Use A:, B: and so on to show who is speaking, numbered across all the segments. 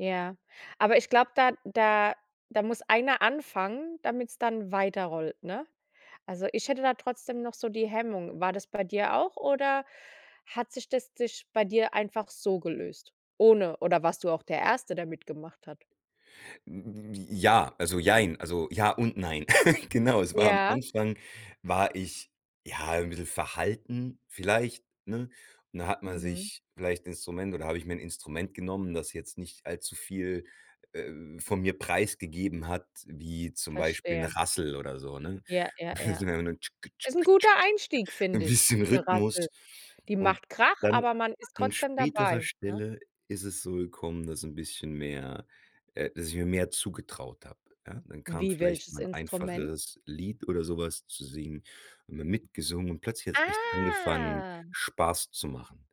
A: Ja, aber ich glaube, da da da muss einer anfangen, damit's dann weiterrollt, ne? Also, ich hätte da trotzdem noch so die Hemmung. War das bei dir auch oder hat sich das sich bei dir einfach so gelöst, ohne oder warst du auch der 1e, der mit gemacht hat?
B: J ja, also, jein, also, ja und nein. Genau, es war am
A: Ja.
B: Anfang war ich, ja, 'n bissel verhalten vielleicht, ne? Und dann hat man
A: Mhm.
B: sich vielleicht 'n Instrument oder hab ich mir 'n Instrument genommen, das jetzt nicht allzu viel, äh, von mir preisgegeben hat wie, zum Beispiel, 'n
A: Verstehe.
B: Rassel oder so, ne?
A: Ja, ja,
B: so
A: ja.
B: 'ne
A: Ist 'n guter Einstieg,
B: 'n
A: finde ich,
B: bisschen
A: 'ne Rassel.
B: Rhythmus.
A: Die
B: Und
A: macht Krach,
B: dann,
A: aber man ist
B: an
A: trotzdem
B: späterer
A: dabei, ne?
B: Stelle, ist es so gekommen, dass 'n bisschen mehr äh, dass ich mir mehr zugetraut hab. Ja, dann kam
A: Wie,
B: vielleicht
A: welches
B: mal 'n
A: Instrument?
B: einfacheres Lied oder so was zu singen und dann mitgesungen und plötzlich hat's echt angefangen,
A: Ah.
B: Spaß zu machen.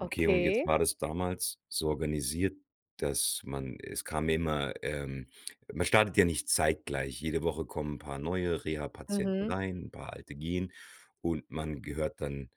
B: Okay, und jetzt war das damals so organisiert, dass man es kam immer ähm, man startet ja nicht zeitgleich. Jede Woche kommen 'n paar neue Rehapatienten
A: Mhm.
B: rein, paar alte gehen und man gehört dann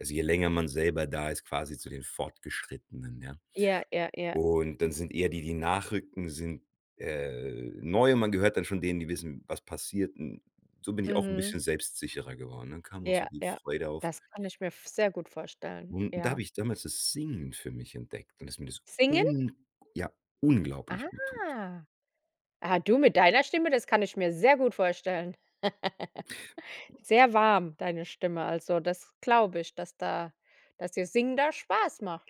B: also je länger man selber da ist, quasi zu den Fortgeschrittenen, ja?
A: Ja, ja, ja.
B: Und, dann sind eher die, die nachrücken, sind, äh, neu und man gehört dann schon denen, die wissen, was passiert. Und so bin ich auch 'n
A: Mhm.
B: bisschen selbstsicherer geworden. Dann kam auch
A: Ja,
B: so die
A: ja.
B: Freude auf.
A: Das kann ich mir v sehr gut vorstellen.
B: Und da hab
A: Ja.
B: ich damals das Singen für mich entdeckt und das mir das
A: Singen?
B: ung ja, unglaublich guttut.
A: Ah. Ah, du mit deiner Stimme, das kann ich mir sehr gut vorstellen. Sehr warm, deine Stimme, also, das glaube ich, dass da dass dir Singen da Spaß macht.